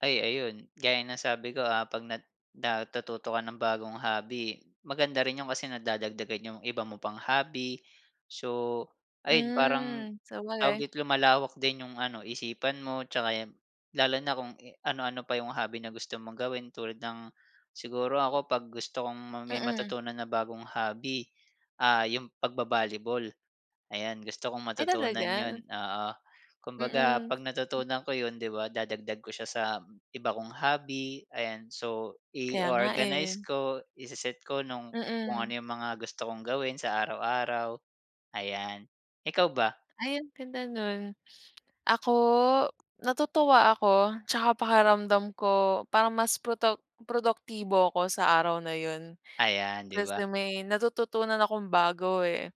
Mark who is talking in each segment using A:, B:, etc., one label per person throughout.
A: Ay ayun gaya ng sabi ko, ah, 'pag na natututo ka ng bagong hobby, maganda rin 'yong kasi nagdadagdagan 'yong iba mo pang hobby. So, ayun parang,
B: Mm,
A: tawag
B: sabagay.
A: dito lumalawak din 'yong ano isipan mo, tsaka yun lalo na kung anu-ano pa yung hobby na gusto mong gawin tulad ng siguro ako 'pag gusto kong may
B: Mm.
A: matutunan na bagong hobby, ah, yung pag-ba-volleyball, ayan gusto kong
B: Ay
A: matutunan
B: talaga?
A: yun, oo. Kumbaga
B: Mm.
A: pag
B: M
A: natutunan ko yun di ba dadagdag ko siya sa iba kong hobby, ayan. So
B: Kaya nga
A: i-o-organize
B: eh.
A: ko, i-se-set ko nung kung ano
B: Mm.
A: yung mga gusto kong gawin sa araw-araw ayan. Ikaw ba?
B: Ay ang ganda nun. Ako, natutuwa ako, tsaka pakiramdam ko parang mas proto produktibo ako sa araw na yun.
A: Ayan di ba?
B: Kasi may natututunan akong bago eh.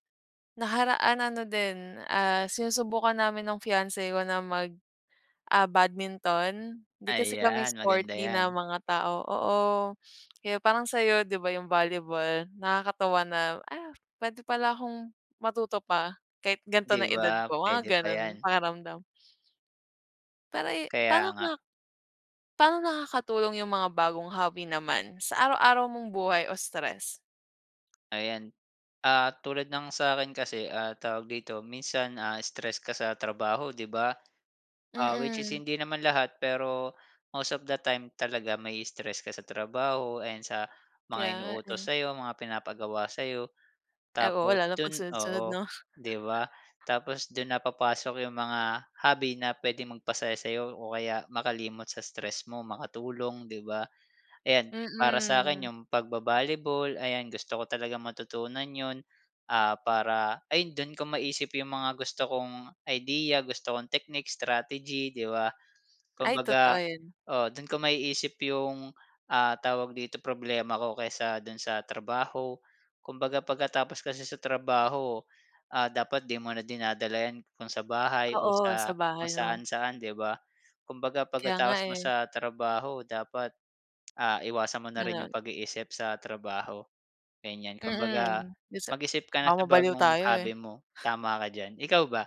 B: Nakaraan ano, din, ah, sinusubukan namin ng fiance ko na mag ah, badminton di kasi kami
A: Ayan maganda
B: sporty na
A: yan.
B: mga tao oo, kaya parang sa'yo di ba yung volleyball nakakatuwa na, ah, pwede pala akong matuto pa, kahit ganto
A: Di
B: na ang edad
A: ba?
B: ko mga
A: Pwede pa
B: ganun
A: yan.
B: pakiramdam. Pare paano
A: Kaya nga.
B: ka paano nakakatulong yung mga bagong hobby naman sa araw-araw mong buhay o stress?
A: Ayan. Ah, tulad ng sa'kin kasi ah tawag dito, minsan, ah, stress ka sa trabaho 'di ba? Ah, which is
B: Mm.
A: hindi naman lahat pero, most of the time talaga ma-i-stress ka sa trabaho and sa
B: Kaya
A: mga
B: nga eh.
A: inuutos sa'yo, mga pinapagawa sa'yo
B: Ay oo
A: tapos
B: lalo na
A: dun
B: pagsunod-sunod
A: oo
B: no?
A: 'di ba? Tapos dun na papasok 'yong mga hobby na puwedeng magpasaya sa'yo o kaya makalimot sa stress mo, makatulong 'di ba? Ayan para sa akin
B: Mm.
A: yung pag-ba-volleyball ayan gusto ko talagang matutunan yun. Ah, para ayun dun ko maisip yung mga gusto kong idea, gusto kong technique, strategy 'di ba?
B: Ay totoo
A: Kumbaga
B: yun.
A: oo doon ko maisip 'yong, ah, tawag dito problema ko kesa dun sa trabaho. Kumbaga pagkatapos kasi sa trabaho, ah, dapat 'di mo na dinadala yan kung sa bahay o
B: Oo sa
A: sa kung
B: bahay no?
A: saan-saan 'di ba? Kumbaga
B: Kaya nga
A: pagkatapos mo
B: eh.
A: sa trabaho dapat, ah, iwasan mo na rin yung
B: Ganon.
A: pag-iisip sa trabaho, ganyan. Kumbaga
B: Mm, dun sa
A: mag-isip ka na
B: baka
A: sa
B: mabaliw
A: bagong
B: tayo
A: hobby
B: eh.
A: mo tama ka diyan, ikaw ba?